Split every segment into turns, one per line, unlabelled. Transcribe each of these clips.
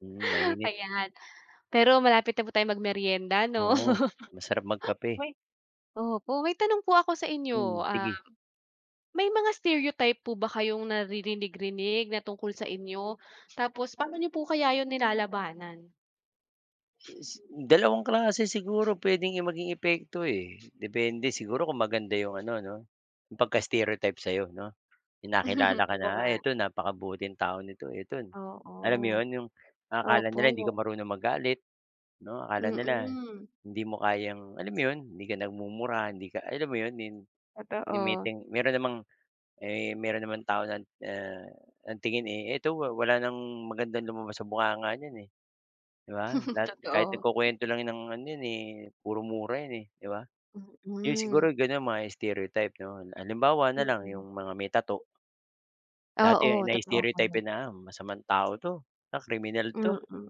Hmm, mainit.
Ayan, pero malapit na po tayong magmerienda, 'no?
Oo, masarap magkape.
May opo may tanong po ako sa inyo,
Hmm,
ah,
sige.
may mga stereotype po ba kayong naririnig-rinig na tungkol sa inyo? Tapos pa'no niyo po kaya yun nilalabanan?
Dalawang klase siguro puwedeng, eh, maging epekto, eh. Depende siguro kung maganda yung ano 'no, pagka-stereotype sa'yo 'no. Yung nakilala ka na,
Oo
ah,
nga.
"Ito napakabuting tao nito eto" alam mo
Oo.
'yon, yung ang akala nila hindi ka
Opo.
marunong magalit 'no. Akala nila
Mm.
hindi mo kayang alam mo 'yon, hindi ka nagmumura, hindi ka, alam mo 'yon, ni ni
Totoo.
ngiting meron namang, eh, meron namang tao na, ah, ang tingin, eh, "Eto wa wala ng magandang lumabas sa bunganga niyan, eh," 'di ba? Lahat kahit
Totoo.
nagkukuwento lang 'yan ng ano, 'yan, eh, puro mura yun, eh, 'di ba? Yun
Mm.
siguro, gano'n mga stereotype 'no. Halimbawa na lang
Mm.
yung mga may tattoo. Dati
Oo, totoo po
na-stereotype
'yan.
'yan na, "Ah, masamang tao 'to, ah, kriminal 'to."
Mm,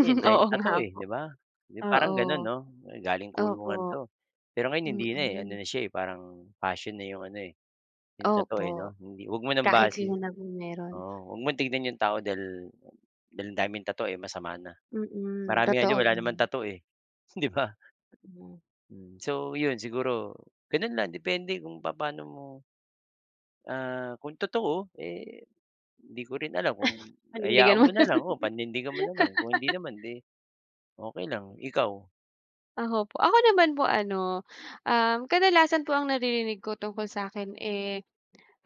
Eh, ang
oo
daming
nga
tattoo, eh,
po,
'di ba? Di parang gano'n,
oo.
'no? "Galing kulungan
Opo,
'to." Pero ngayon hindi na, eh, ano
mm.
na siya, eh, parang passion na yung ano, eh, yung tattoo,
Opo,
eh, 'no? Hindi, 'wag mo ng
kahit
base
sino naman meron.
oo huwag mong tignan yung tao dahil dahil ang daming tattoo, eh, masama na.
Mm,
Marami nga diyan
totoo
wala naman
'yan.
tattoo, eh, 'di ba?
Mm.
Hmm, so 'yon, siguro gano'n lang, depende kung papaano mo, ah, kung totoo, eh, hindi ko rin alam kung hayaan
Panindigan mo
mo
na
na
lang.
lang o panindigan mo na lang. Kung hindi naman, di okey lang, ikaw?
Ako po, ako naman po ano, um, kadalasan po ang naririnig ko tungkol sa'kin, eh,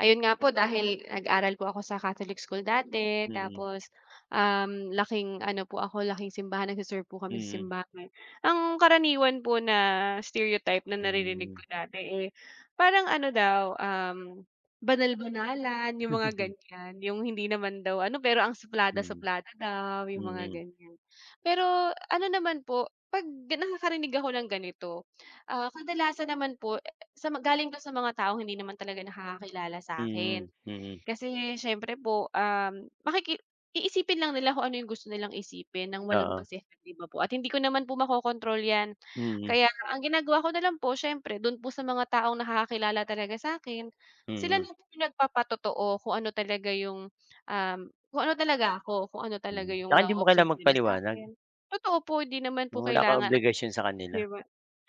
ayun nga po dahil nag-aral po ako sa Catholic school dati
Mm.
tapos, um, laking ano po ako, laking simbahan, nagse-serve po kami sa
Mm.
simbahan. Ang karaniwan po na stereotype na naririnig ko
Hmm.
dati, eh, parang ano daw, um, banal-banalan, yung mga gan'yan. Yung hindi naman daw ano, pero ang
Hmm.
suplada-suplada daw, yung mga
Mm.
gan'yan. Pero ano, naman po 'pag nakakarinig ako ng ganito, ah, kadalasan naman po, sa galing daw, sa mga taong hindi naman talaga nakakakilala sa'kin.
Mm, mm.
Kasi, siyempre po, um, makiki iisipin lang nila kung ano, yung gusto nilang isipin ng walang
Oo.
basehan, 'di ba po? At hindi ko naman po makokontrol 'yan.
Mm.
Kaya ang ginagawa ko na lang po siyempre, do'n po sa mga taong nakakakilala talaga sa'kin, sila
Mm.
na po yung nagpapatotoo kung ano, talaga yung, um, kung ano talaga ako, kung ano talaga
Mm,
yung
tsaka hindi mo
na-o-observe
kailangan
nila
magpaliwanag.
sa'kin. Totoo po, 'di naman po
Na wala kang
kailangan,
obligasyon sa
'di
kanila.
ba?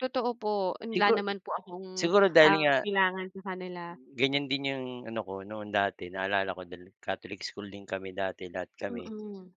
Totoo po wala
Sigu
naman po akong,
siguro dahil
ah,
nga
kailangan sa kanila.
gan'yan din yung ano ko, noon dati naalala ko dahil Catholic school din kami dati, lahat kami.
Mm.